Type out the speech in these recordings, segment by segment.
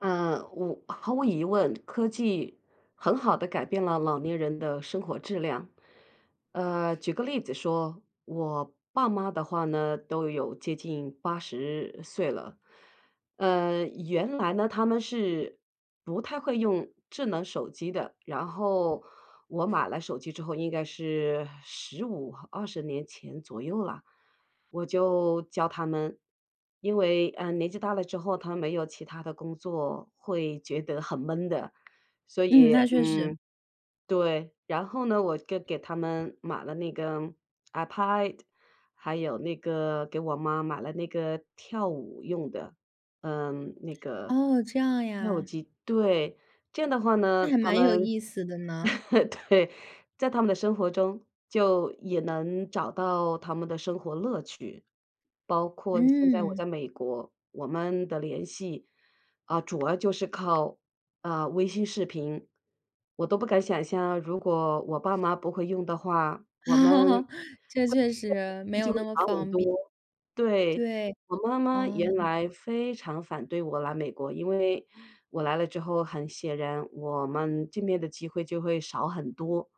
呃，我毫无疑问科技很好地改变了老年人的生活质量。呃，举个例子说，我爸妈的话呢，都有接近80岁了。呃，原来呢，他们是不太会用智能手机的，然后我买了手机之后，应该是15-20年前左右啦，我就教他们。因为，嗯，年纪大了之后，他们没有其它的工作，会觉得很闷的。所嗯，以，那确实。嗯对，然后呢，我就给他们买了那个 iPad，还有那个给我妈买了那个跳舞用的，嗯，那个，哦，这样跳舞呀。机对。这样的话呢，那还他蛮有们意思的呢。对，在他们的生活中就也能找到他们的生活乐趣。包括现在我嗯。在美国，我们的联系，啊，主要就是靠，啊，微信视频。我都不敢想象，如果我爸妈不会用的话，我们 这对，确 [unintelligible] 实，没有就会那么少很方便。多，对。对，我妈妈哦。原来非常反对我来美国，因为，我来了之后，很显然我们见面的机会就会少很多。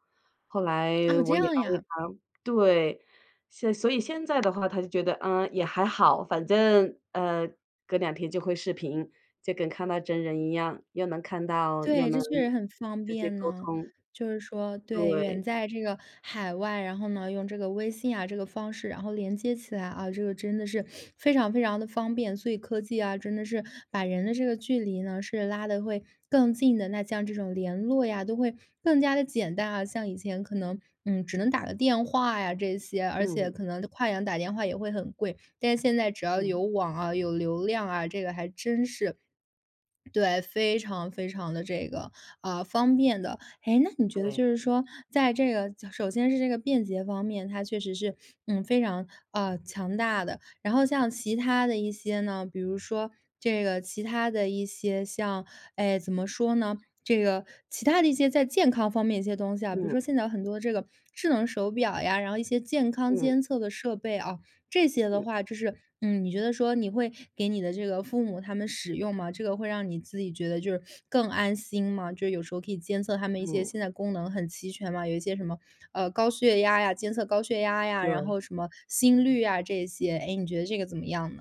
后来哦，这我也样安慰呀。她对，现所以现在的话她就觉得，嗯，也还好，反正，呃，隔两天就会视频，就跟看到真人一样，又能看到又对，这能确实很方直接便沟呢。通。就是说对，对。远在这个海外，然后呢，用这个微信啊，这个方式，然后连接起来啊，这个真的是 非常，非常的方便。所以科技啊，真的是把人的这个距离呢，是拉得会更近的，那像这种联络呀，都会更加地简单啊。像以前可能，嗯，只能打个电话呀，这些，而且嗯。可能跨洋打电话也会很贵。但现在只要嗯。有网啊，有流量啊，这个还真是。对，非常，非常的这个，嗯，方便的。哎，那你觉得对。就是说，在这个首先是这个便捷方面，它确实是，嗯，非常，嗯，强大的。然后像其它的一些呢，比如说这个其它的一些像哎，怎么说呢，这个其它的一些在健康方面的一些东西啊，比如嗯。说现在很多这个智能手表呀，然后一些健康嗯。监测的设备啊，这些的嗯。话就是，嗯，你觉得说你会给你的这个父母他们使用吗？这个会让你自己觉得就是 更安心吗？就是有时候可以监测他们一些嗯。现在功能很齐全吗？有一些什么，嗯，高血压呀监测高血压呀，然对。后什么心率啊，这些，诶，你觉得这个怎么样呢？